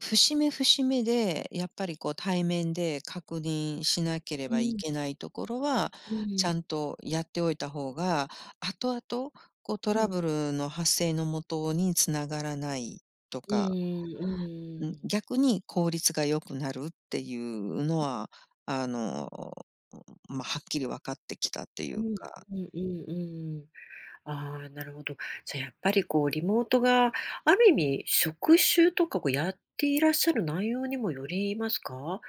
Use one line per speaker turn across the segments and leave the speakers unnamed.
節目節目でやっぱりこう、対面で確認しなけれ
う
ばい
ん。
けないところは、
うんう
ち
ん。
ゃんとやっておいた方が、後々、こう、ト
う
ラ
ん。
ブルの発生の元に繋がらないと
ううん、
か
うう
うん、
ーん。
逆に効率が良くなるっていうの
うん。
は、あの、まあ、はっきり分かってきたってい
あ、う
う
ん、う
か。
うんうんうんうん。ああ、なるほど。じゃ、やっぱりこう、リモートがある意味職種とか、こう、やっていらっしゃる内容にもよりますか？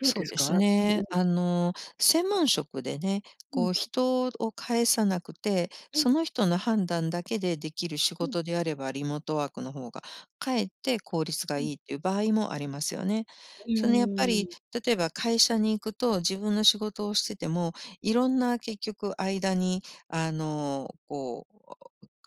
どう
そ
で
う
す
です
か？うんう
ね。
ん。
あの、専門職でね、
うん。
こう、人を介さなくて、
うん。
その人の判断だけでできる仕
うん。
事であれば、リモートワークの方が、かえって効率が
う
い
ん。
いっていう場合もありますよね。
う
そのやっぱ
ー
り、
ん。
例えば会社に行くと、自分の仕事をしてても、いろんな結局間に、あの、こう、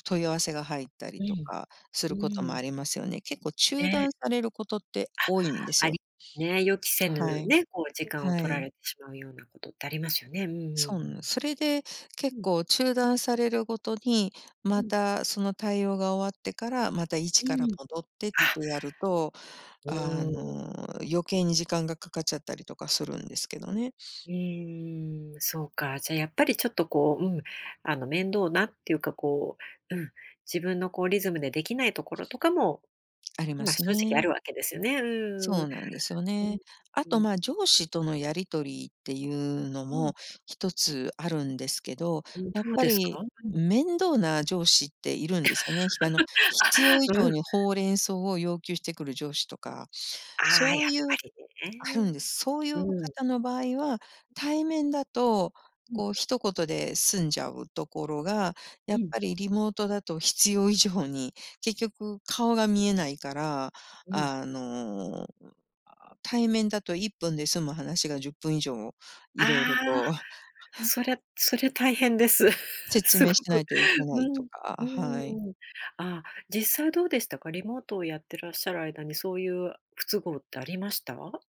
問い合わせが入ったり
う
と
ん、
かす
う
ることも
ーん。
ありますよね。結構中
ね。
断されることって多
あ、
いんです
あ
よ。
りね、予期せ
は
ぬ、
い、
ね、こう時間を
は
取ら
い。
れしまうようなことってありますよね。うんうんう
そん
ん。
それで、結
うん。
構中断されるごとに、
う
ま
ん。
たその対応が終わってから、また一
う
か
ん
ら
うん、
戻ってっ
あ。
てやると、あ
うーん。
の、余計に時間がかかっちゃったりとかするんですけどね。
うーん、そうか、じゃあ、やっぱり、ちょっとこう、うん、あの、面倒なっていうかこう、うん、自分のこうリズムでできないところとかも、
ありま
まあ、
す
正直あ
ね。
るわけですよね、うんう
そ
ん
うなんですよ
うん。
ね。あ
うん。
と、
うん。
まあ、上司とのやり
[unintelligible]
取りっていうの
うん。
も一つあるんですけど、
うん、
やっ
どう
ぱ
ですか？
り、
うん。
面倒な上司っているんですよね。ひあの、
あ、
必要以
う
上
ん。
に報連相を要求してくる上司とか、
ああ、
そう
やっ
いう
ぱり
あるんで
ね。
す。そうい
う
う
ん。
方の場合は、
ううん。
対面だと
うん。
こう一言で済んじゃうところが、や
う
っ
ん。
ぱりリモートだと必要以上に、結局顔が見えないから、
うん。
あの、うん、ああ、対面だと1分で済む話が10分以上
あ
いろいろ
あ、
と
そりゃそれ大変です。
説
すご
明しな
く、
いといけな
う
い
ん、
と
う
か、
ん
はい。
うんうん。あ、実際どうでしたか、リモートをやってらっしゃる間にそういう不都合ってありました？